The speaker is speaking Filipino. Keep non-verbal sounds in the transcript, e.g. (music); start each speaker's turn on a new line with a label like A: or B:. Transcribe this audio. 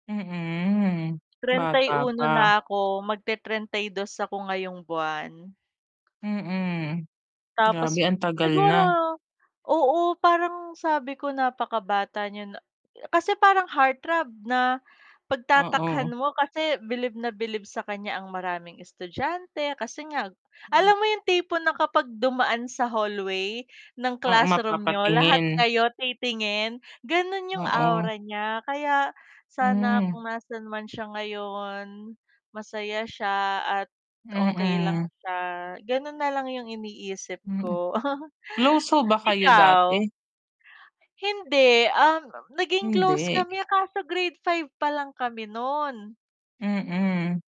A: Mm,
B: trenta'y
A: bata
B: uno
A: pa.
B: na ako magte-trenta'y dos ako ngayong buwan.
A: Mm,
B: Tapos
A: grabe ang tagal
B: siguro
A: na.
B: oo, parang sabi ko napakabata niya na kasi parang heart throb na
A: Oo.
B: pagtatakhan mo, kasi bilib na bilib sa kan'ya ang maraming estudyante kasi nga alam mo yung tipo na kapag dumaan sa hallway ng
A: Oo,
B: classroom niyo, lahat
A: mapapatingin.
B: kayo titingin, ganun yung
A: Oo.
B: aura niya. Kaya sana
A: Hmm.
B: kung nasaan man siya ngayon, masaya siya at okey lang
A: Mm.
B: siya. Ganun na lang yung iniisip
A: Hmm,
B: ko. (chuckles)
A: close ho ba kayo
B: Ikaw?
A: dati?
B: Hindi, um, naging close
A: Hindi.
B: kami kaso Grade 5 palang kami no'n.
A: Mm.